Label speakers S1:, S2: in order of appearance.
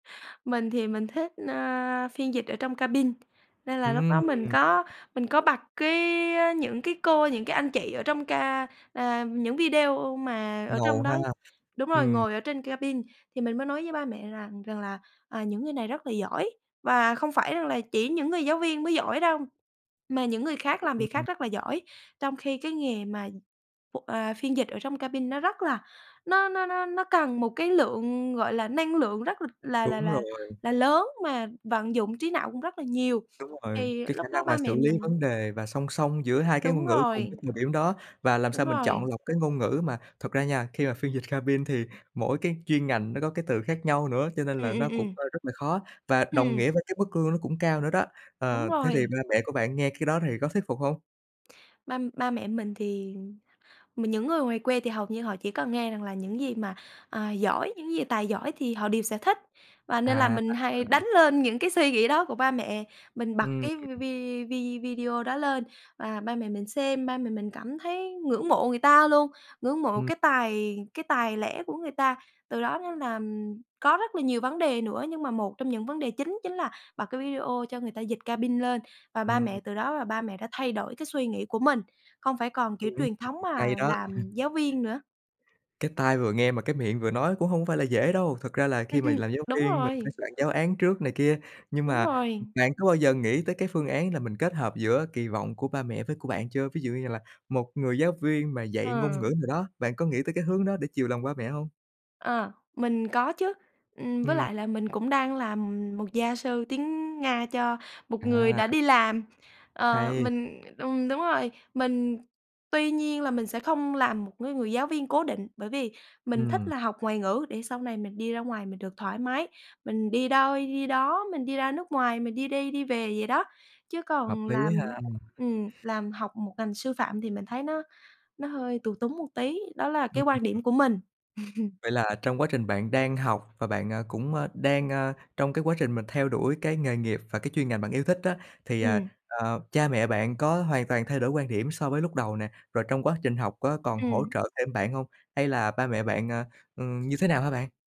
S1: Mình thì mình thích, a, phiên dịch ở trong cabin, nên là lúc đó
S2: Ừm.
S1: mình có mình có bật cái á những cái cô, những cái anh chị ở trong ca à, những video mà ở
S2: Ngầu
S1: trong
S2: ha!
S1: đó đúng rồi,
S2: Ừm.
S1: ngồi ở trên cabin. Thì mình mới nói với ba mẹ rằng rằng là, à, những người này rất là giỏi và không phải rằng là chỉ những người giáo viên mới giỏi đâu, mà những người khác
S2: Ừm,
S1: làm việc
S2: ừm.
S1: khác rất là giỏi, trong khi cái nghề mà, ô, à, phiên dịch ở trong cabin nó rất là nó nó nó nó cần một cái lượng, gọi là, năng lượng rất là là là
S2: Đúng
S1: là
S2: rồi.
S1: là lớn, mà vận dụng trí não cũng rất là nhiều.
S2: Đúng rồi,
S1: Thì
S2: cái
S1: lúc
S2: khả
S1: đó
S2: năng mà
S1: ba mẹ
S2: xử lý
S1: mình
S2: vấn đề và song song giữa hai cái ngôn
S1: Đúng
S2: ngữ cùng cái
S1: rồi.
S2: thời điểm đó, và làm
S1: Đúng
S2: sao mình chọn
S1: rồi.
S2: lọc cái ngôn ngữ mà thật ra nha, khi mà phiên dịch cabin thì mỗi cái chuyên ngành nó có cái từ khác nhau nữa, cho nên
S1: Ừm,
S2: là nó
S1: ừm,
S2: cũng,
S1: ừm.
S2: a, rất là khó và đồng
S1: Ừm.
S2: nghĩa với cái mức lương nó cũng cao nữa đó.
S1: Đúng
S2: Ờ, thế thì
S1: rồi.
S2: ba mẹ của bạn nghe cái đó thì có thuyết phục hông?
S1: Ba ba mẹ mình thì, ừm mà những người ngoài quê thì hầu như họ chỉ cần nghe rằng là những gì mà, à, giỏi, những gì tài giỏi thì họ đều sẽ thích, và nên là
S2: À!
S1: mình hay
S2: Ừm.
S1: đánh lên những cái suy nghĩ đó của ba mẹ. Mình bật
S2: Ừm.
S1: cái v vi vi video đó lên và ba mẹ mình xem, ba mẹ mình cảm thấy ngưỡng mộ người ta luôn, ngưỡng mộ
S2: Ừm.
S1: cái tài cái tài lẻ của người ta. Từ đó nên là có rất là nhiều vấn đề nữa nhưng mà một trong những vấn đề chính chính là bật cái video cho người ta dịch cabin lên, và ba
S2: Ừm.
S1: mẹ từ đó là ba mẹ đã thay đổi cái suy nghĩ của mình, không phải còn kiểu
S2: Ừm,
S1: truyền thống mà
S2: hay đó!
S1: làm giáo viên nữa.
S2: Cái tai vừa nghe mà cái miệng vừa nói cũng hông phải là dễ đâu. Thật ra là
S1: Ừm,
S2: khi mà
S1: ừm.
S2: làm giáo
S1: Đúng
S2: viên, mình phải
S1: rồi.
S2: soạn giáo án trước này kia. Nhưng
S1: Đúng
S2: mà, ừm,
S1: rồi.
S2: bạn có bao giờ nghĩ tới cái phương án là mình kết hợp giữa kỳ vọng của ba mẹ với của bạn chưa? Ví dụ như là một người giáo viên mà dạy ngôn
S1: Ờ.
S2: ngữ nào đó, bạn có nghĩ tới cái hướng đó để chiều lòng ba mẹ hông?
S1: Ờ, mình có chứ, ừm, với
S2: Ừm.
S1: lại là mình cũng đang làm một gia sư tiếng Nga cho một người
S2: À!
S1: đã đi làm. Ờ,
S2: Hay!
S1: mình ừm, đúng rồi, mình tuy nhiên là mình sẽ không làm một cái người giáo viên cố định, bởi vì mình thích
S2: Ừm.
S1: là học ngoại ngữ để sau này mình đi ra ngoài mình được thoải mái, mình đi đâu đi đó, mình đi ra nước ngoài, mình đi đi đi về vậy đó. Chứ
S2: Hợp
S1: còn làm
S2: lý ha!
S1: ừm, làm học một ngành sư phạm thì mình thấy nó nó hơi tù túng một tí, đó là
S2: Ừm,
S1: cái
S2: ừm,
S1: quan
S2: ừm.
S1: điểm của mình.
S2: Vậy là trong quá trình bạn đang học và bạn, à, cũng, a, đang, a, trong cái quá trình mình theo đuổi cái nghề nghiệp và cái chuyên ngành bạn yêu thích á, thì, à,
S1: Ừm.
S2: ờ, cha mẹ bạn có hoàn toàn thay đổi quan điểm so với lúc đầu nè? Rồi trong quá trình học có còn hỗ
S1: Ừm.
S2: trợ thêm bạn hông? Hay là ba mẹ bạn, à, ừm, như thế nào hả bạn?